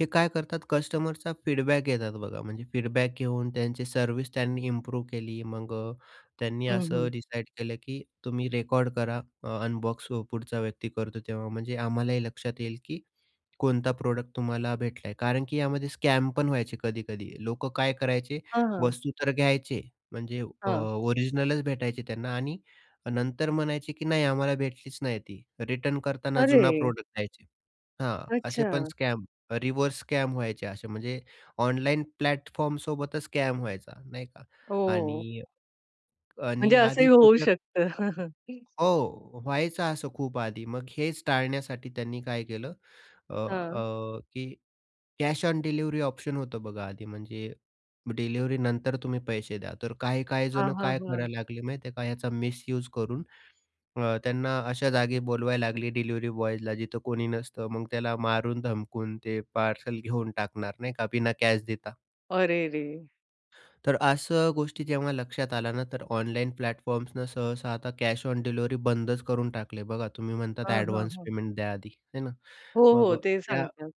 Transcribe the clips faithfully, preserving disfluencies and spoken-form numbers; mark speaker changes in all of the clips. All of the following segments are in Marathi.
Speaker 1: हे काय करतात कस्टमरचा फीडबॅक घेतात बघा म्हणजे फीडबॅक घेऊन त्यांची सर्व्हिस त्यांनी इम्प्रूव्ह केली. मग अ, त्यांनी
Speaker 2: हं, हं.
Speaker 1: असं डिसाईड केलं की तुम्ही रेकॉर्ड करा, अनबॉक्स पुढचा व्यक्ती करतो, तेव्हा म्हणजे आम्हालाही लक्षात येईल की कोणता प्रॉडक्ट तुम्हाला भेटला आहे. कारण की यामध्ये स्कॅमपण व्हायचे कधी-कधी. लोकं काय करायचे?
Speaker 2: हं, हं.
Speaker 1: वस्तू तर घ्यायचे म्हणजे अ,
Speaker 2: हां.
Speaker 1: ओरिजिनलच भेटायचे त्यांना आणि नंतर म्हणायचे की "नाही, आम्हाला भेटलीच नाही ती." रिटर्न करताना जुना
Speaker 2: अरे!
Speaker 1: प्रॉडक्ट द्यायचे हां. असे पण
Speaker 2: अच्छा!
Speaker 1: स्कॅम रिव्हर्स स्कॅम व्हायचे असे म्हणजे ऑनलाईन प्लॅटफॉर्म सोबतच स्कॅम व्हायचा नाही का?
Speaker 2: हो.
Speaker 1: आणि
Speaker 2: म्हणजे
Speaker 1: आणि
Speaker 2: असंही
Speaker 1: आधी
Speaker 2: होऊ
Speaker 1: फ्युचर
Speaker 2: शकतं?
Speaker 1: हो व्हायचं असं खूप आधी. मग हेच टाळण्यासाठी त्यांनी काय केलं? अ,
Speaker 2: हां.
Speaker 1: अ, की कॅश ऑन डिलिव्हरी ऑप्शन होतं बघा. आधी म्हणजे डिलिव्हरी नंतर तुम्ही पैसे द्या, तर काही काही
Speaker 2: हां,
Speaker 1: जण
Speaker 2: हां,
Speaker 1: काय
Speaker 2: हां.
Speaker 1: करायला लागले माहीत आहे का याचा मिसयूज करून अ, त्यांना अशा जागी बोलवायला लागली, डिलिव्हरी बॉयजला जिथं कोणी नसतं मग त्याला मारून धमकून ते पार्सल घेऊन टाकणार नाही का बिना कॅश देता.
Speaker 2: अरे रे!
Speaker 1: तर असं गोष्टी जेव्हा लक्षात आल्या ना तर ऑनलाईन प्लॅटफॉर्म्सनं सहसा आता कॅश ऑन डिलिव्हरी बंदच करून टाकले, बघा तुम्ही म्हणतात
Speaker 2: हां, हां,
Speaker 1: ॲडव्हान्स
Speaker 2: हां.
Speaker 1: पेमेंट द्या आधी, आहे ना?
Speaker 2: हो,
Speaker 1: मग
Speaker 2: हो. ते
Speaker 1: या
Speaker 2: सांगतात.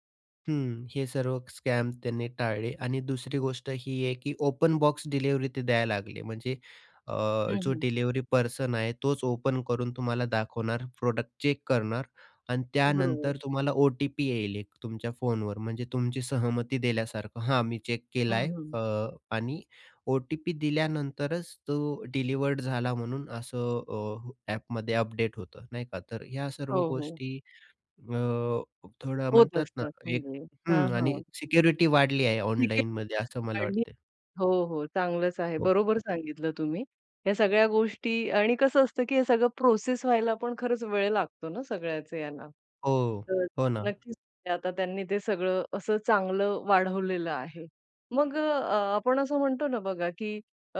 Speaker 1: हं. हे सर्व स्कॅम त्यांनी टाळले आणि दुसरी गोष्ट ही आहे की ओपन बॉक्स डिलिव्हरी ते द्यायला लागले म्हणजे? अ,
Speaker 2: हं,
Speaker 1: जो
Speaker 2: हं.
Speaker 1: डिलिव्हरी पर्सन आहे तोच ओपन करून तुम्हाला दाखवणार प्रोडक्ट चेक करणार आणि
Speaker 2: बरोबर.
Speaker 1: त्यानंतर तुम्हाला ओ-टी-पी येईल एक तुमच्या फोनवर म्हणजे तुमची सहमती दिल्यासारखं हा मी चेक केला
Speaker 2: हं,
Speaker 1: आहे
Speaker 2: हं.
Speaker 1: अ, आणि ओ-टी-पी दिल्यानंतरच तो डिलिवर्ड झाला म्हणून असं अ, ॲपमध्ये अपडेट होतं. नाही का? तर ह्या
Speaker 2: हो,
Speaker 1: सर्व
Speaker 2: हो.
Speaker 1: गोष्टी अ, थोडं
Speaker 2: होत
Speaker 1: म्हणतात ना
Speaker 2: असतात
Speaker 1: एक
Speaker 2: म्हणजे हां,
Speaker 1: हं आणि
Speaker 2: हां.
Speaker 1: सिक्युरिटी वाढली आहे
Speaker 2: ठीक
Speaker 1: ऑनलाईनमध्ये असं मला
Speaker 2: आहे [unintelligible]
Speaker 1: वाटते.
Speaker 2: हो, हो चांगलंच आहे,
Speaker 1: हो.
Speaker 2: बरोबर सांगितलं तुम्ही ह्या सगळ्या गोष्टी आणि कसं असतं की हे सगळं प्रोसेस व्हायला पण खरंच वेळ लागतो ना सगळ्याचे यांना.
Speaker 1: हो,
Speaker 2: तर
Speaker 1: हो ना.
Speaker 2: नक्कीच आता त्यांनी ते सगळं असं चांगलं वाढवलेलं आहे. मग अ, आपण असं म्हणतो ना बघा की अ,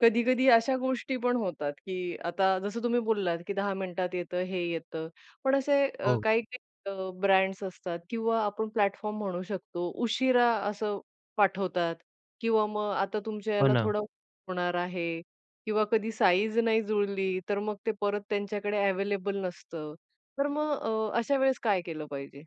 Speaker 2: कधी-कधी अशा गोष्टी पण होतात की आता जसं तुम्ही बोललात की दहा मिनिटात येतं हे येतं पण असे
Speaker 1: हो.
Speaker 2: काही-काही अ, ब्रँड्स असतात किंवा आपण प्लॅटफॉर्म म्हणू शकतो उशिरा असं पाठवतात किंवा मग आता तुमच्या
Speaker 1: हो
Speaker 2: याला
Speaker 1: ना.
Speaker 2: थोडा [unintelligible] होणार आहे किंवा कधी साइज नाही जुळली तर मग ते परत त्यांच्याकडे अव्हेलेबल नसतं. तर मग अ, अशा वेळेस काय केलं पाहिजे?